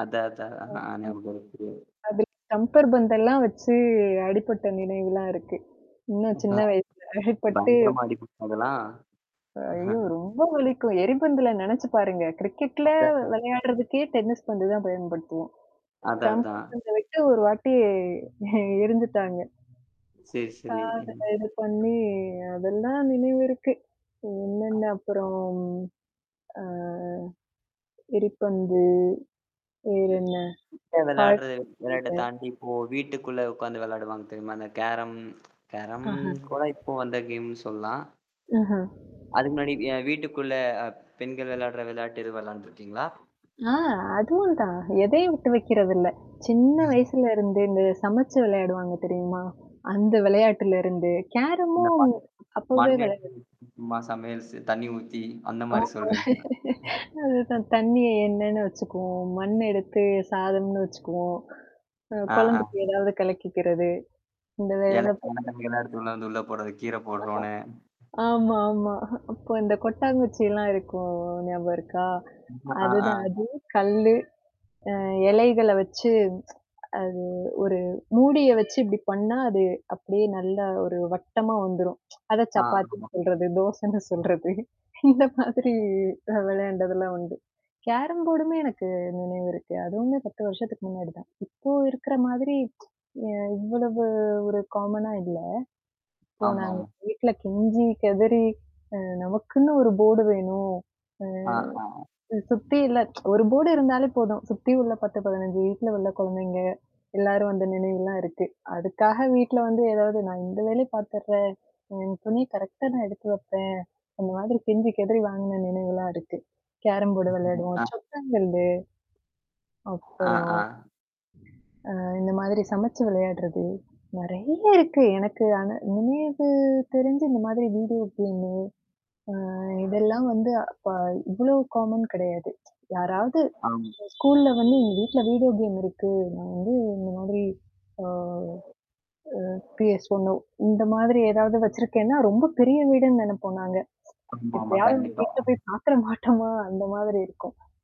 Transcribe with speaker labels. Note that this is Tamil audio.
Speaker 1: அத, அத
Speaker 2: ம்.
Speaker 1: அ நியாபகம் இருக்குது.
Speaker 2: அ அதி ஸ்டம்பர் பந்தெல்லாம் வச்சு அடிப்பட்ட நினைவுலாம் இருக்கு, சின்ன,
Speaker 1: ம்.
Speaker 2: சின்ன
Speaker 1: அ.
Speaker 2: வயசு, அடிப்பட்டு
Speaker 1: பயங்கரமா அடிப்பட்ரும் அதெல்லாம்.
Speaker 2: ஐயோ! ரொம்ப வலிக்கும், எரிபந்துல நெனச்சு பாருங்க. கிரிக்கெட்ல
Speaker 1: அதே தான்.
Speaker 2: விளையாடுறதுக்கே டென்னிஸ் பந்து தான் பயன்படுத்துவோம்.
Speaker 1: அத
Speaker 2: ஸ்டம்ஃபர்
Speaker 1: அதான்.
Speaker 2: [unintelligible] விட்டு ஒரு வாட்டி இ இருந்துட்டாங்க.
Speaker 1: சரி,
Speaker 2: அ
Speaker 1: சரி.
Speaker 2: அத
Speaker 1: ம்.
Speaker 2: இது பண்ணி அதெல்லாம் நினைவு இருக்கு. என்னென்ன அப்புறம், ஆ. எரிப்பந்து.
Speaker 1: ம்.
Speaker 2: வேறென்ன,
Speaker 1: இப்ப
Speaker 2: காட்
Speaker 1: விளையாடுறது விளையாட்ட
Speaker 2: மீட்டர்.
Speaker 1: தாண்டி, இப்போ வீட்டுக்குள்ள உக்காந்து விளையாடுவாங்க தெரியுமா? அந்த கேரம் கேரம்
Speaker 2: ஆஹம்.
Speaker 1: கூட இப்போ வந்த கேம்னு சொல்லாம்.
Speaker 2: ஆஹா.
Speaker 1: அது முன்னாடி அ வீட்டுக்குள்ள அ பெண்கள் விளையாடுற விளையாட்டுனு, விளையாண்டுருக்கீங்களா?
Speaker 2: ஆ அதுவும் தான், எதையும் விட்டு வைக்குறதில்ல. சின்ன வயசுலருந்து, இந்த சமச்சு விளையாடுவாங்க தெரியுமா? அந்த விளையாட்டுலருந்து,
Speaker 1: இந்த
Speaker 2: கேரமும்
Speaker 1: பாட்டு,
Speaker 2: அப்வே
Speaker 1: மண்ண
Speaker 2: விளான்டது.
Speaker 1: எத்துமா சமையல் ச தண்ணி ஊத்தி, அந்த மாரி
Speaker 2: ஆமா
Speaker 1: சொல்றீங்களா?
Speaker 2: அதுதான், தண்ணிய எண்ணன்னு வச்சுக்குவோம், மண்ண எடுத்து சாதம்னு வச்சுக்குவோம். அ
Speaker 1: ஆ, ஆ.
Speaker 2: கொழந்தைக்கு ஏதாவது கலக்கிக்கிறது, இந்த வேலதா
Speaker 1: இலக்கு
Speaker 2: பாத்தோம்.
Speaker 1: [unintelligible] எடுத்து உள்ள வந்து உள்ள போடுறது, கீர போட்றோனு.
Speaker 2: ஆஹ. ஆமா, ஆமா. அப்போ இந்த கொட்டாங்குச்சில்லாம் இருக்கும் ஞாபகம் இருக்கா?
Speaker 1: ஆ, ஆ.
Speaker 2: அதுதான், அது கல்லு, அ எலைகள வச்சு அது ஒரு மூடிய வச்சு இப்டி பண்ணா அது அப்டியே நல்லா ஒரு வட்டமா வந்துரும், அத
Speaker 1: ஆ,
Speaker 2: சப்பாத்தின்னு
Speaker 1: ஆமாம்.
Speaker 2: சொல்றது,
Speaker 1: ம்.
Speaker 2: தோசன்னு சொல்றது, இந்த மாதிரி அ விளையாண்டதெல்லாம் உண்டு. கேரம் போர்டுமே எனக்கு நினைவு இருக்கு, அதுவுமே 10 வருஷத்துக்கு முன்னாடி தான். இப்போ இருக்கிற மாதிரி அ இவ்வளவு ஒரு காமனா இல்ல. அப்போ நாங்க
Speaker 1: ஆமாமா.
Speaker 2: வீட்ல கெஞ்சி, கெதறி, அ நமக்குன்னு ஒரு போர்டு வேணும்.
Speaker 1: ஆ,
Speaker 2: ம்.
Speaker 1: ஆ.
Speaker 2: சுத்தி இல்ல ஒரு போர்டு இருந்தாலே போதும், சுத்தி உள்ள 10, 15 வீட்ல உள்ள கொழந்தைங்க எல்லாரும் அந்த நினைவுலாம் இருக்கு. அதுக்காக வீட்ல வந்து ஏதாவது நான் இந்த வேலய பாத்துடுறேன், என் துணிய கரெக்ட்டா நான் எடுத்து வப்பேன், அந்த மாதிரி கெஞ்சி, கெதறி வாங்குன நினைவுலாம் இருக்கு, கேரம் போர்டு விளையாடுவோம்,
Speaker 1: ஆ.
Speaker 2: சொத்தங்கல்லு.
Speaker 1: ஆ,
Speaker 2: அப்புறம்.
Speaker 1: ஆ.
Speaker 2: அ இந்த மாதிரி சமச்சு விளையாடுறது, நறைய இருக்கு. எனக்கு ஆனா இனிமேது தெரிஞ்சு, இந்த மாதிரி வீடியோ கேம்மு அ இதெல்லாம் வந்து அப்ப இவ்வளோ காமன் கெடையாது. யாராவது
Speaker 1: ஆம்.
Speaker 2: ஸ்கூல்ல வந்து எங்க வீட்ல வீடியோ கேம் இருக்கு, நான் வந்து இந்த மாதிரி அ அ பிஎஸ் ஒண்ணோ இந்த மாதிரி ஏதாவது வச்சிருக்கேன்னா, ரொம்ப பெரிய வீடுன்னு நெனப்போம் நாங்க,
Speaker 1: ஆமாமா,
Speaker 2: எப்பயாது
Speaker 1: கண்டிப்பா.
Speaker 2: வீட்ல போய் பாத்துற மாட்டோமா, அந்த மாதிரி இருக்கும்.